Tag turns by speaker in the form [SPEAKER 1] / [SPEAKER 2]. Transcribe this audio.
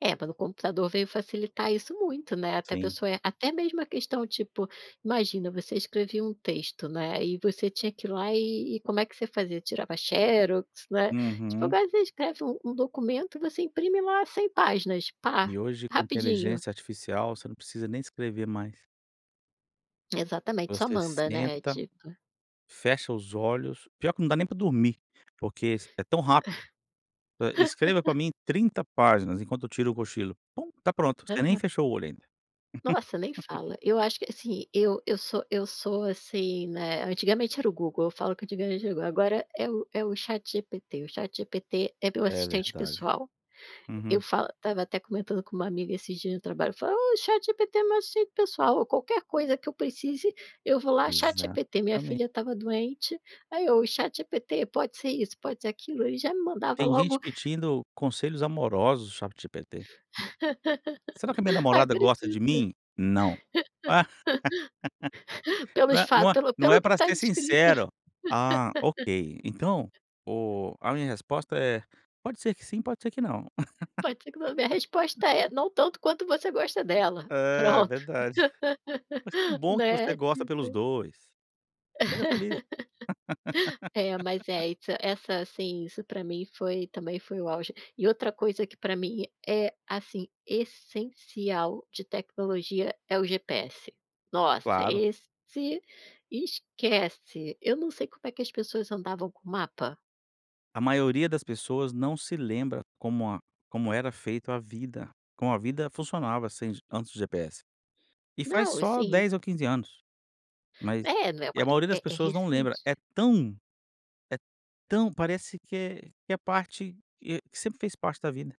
[SPEAKER 1] É, pelo computador, veio facilitar isso muito, né, até a
[SPEAKER 2] Sim.
[SPEAKER 1] pessoa é até mesmo a questão, tipo, imagina, você escrevia um texto, né, e você tinha que ir lá e e como é que você fazia? Tirava xerox, né. Tipo,
[SPEAKER 2] Uhum.
[SPEAKER 1] agora você escreve um um documento e você imprime lá 100 páginas, pá,
[SPEAKER 2] E hoje com a
[SPEAKER 1] rapidinho.
[SPEAKER 2] inteligência artificial, você não precisa nem escrever mais.
[SPEAKER 1] Exatamente, só
[SPEAKER 2] Você
[SPEAKER 1] manda, né,
[SPEAKER 2] senta,
[SPEAKER 1] tipo.
[SPEAKER 2] fecha os olhos pior que não dá nem para dormir, porque s é tão rápido. Hã, "escreva para mim 30 páginas, enquanto eu tiro um cochilo", pum, está pronto, você nem
[SPEAKER 1] Aham.
[SPEAKER 2] fechou o olho ainda.
[SPEAKER 1] Nossa, nem fala. Eu acho que assim, eu eu sou eu sou, assim, né, antigamente era o Google, eu falo que antigamente era o Google, agora é o é o ChatGPT, o ChatGPT é meu
[SPEAKER 2] É
[SPEAKER 1] assistente
[SPEAKER 2] verdade.
[SPEAKER 1] pessoal, eu
[SPEAKER 2] Uhum.
[SPEAKER 1] falo. Estava até comentando com uma amiga esses dias no trabalho, eu falo: "Oh, ChatGPT é meu assistente pessoal", ou qualquer coisa que eu precise, eu vou lá, ChatGPT. Minha
[SPEAKER 2] Exatamen
[SPEAKER 1] filha estava doente, aí eu "o ChatGPT, pode ser isso, pode ser aquilo", ele já me mandava
[SPEAKER 2] Tem
[SPEAKER 1] logo
[SPEAKER 2] gente pedindo conselhos amorosos ChatGPT. "Será que a minha namorada
[SPEAKER 1] Acredito.
[SPEAKER 2] gosta de mim?". "Não". "Não
[SPEAKER 1] Pelos
[SPEAKER 2] é
[SPEAKER 1] fato
[SPEAKER 2] não é
[SPEAKER 1] pelo
[SPEAKER 2] não
[SPEAKER 1] pelo
[SPEAKER 2] é
[SPEAKER 1] que
[SPEAKER 2] para
[SPEAKER 1] está
[SPEAKER 2] ser
[SPEAKER 1] descrito.
[SPEAKER 2] sincero". "Ah, ok. Então o a minha resposta é, pode ser que sim, pode ser que não".
[SPEAKER 1] Pode ser que a minha resposta é: "Não tanto quanto você gosta dela,
[SPEAKER 2] É,
[SPEAKER 1] pronto".
[SPEAKER 2] verdade. Mas que bom que você
[SPEAKER 1] Né,
[SPEAKER 2] gosta pelos
[SPEAKER 1] tipo.
[SPEAKER 2] 2. Seja feliz.
[SPEAKER 1] É mas é essa essa assim, isso para mim foi, também foi o auge. E outra coisa que para mim, eh, assim, essencial de tecnologia, é o GPS. Nossa,
[SPEAKER 2] Claro.
[SPEAKER 1] esse esquece. Eu não sei como é que as pessoas andavam com mapa.
[SPEAKER 2] A maioria das pessoas não se lembra como a como era feito a vida, como a vida funcionava sem antes do GPS. E faz
[SPEAKER 1] Não,
[SPEAKER 2] só
[SPEAKER 1] sim.
[SPEAKER 2] 10 ou 15 anos. Mas
[SPEAKER 1] É, não é
[SPEAKER 2] e a
[SPEAKER 1] uma
[SPEAKER 2] maioria das
[SPEAKER 1] é é
[SPEAKER 2] pessoas não lembra,
[SPEAKER 1] recente.
[SPEAKER 2] é tão é tão parece que é que é parte, eh, que sempre fez parte da vida.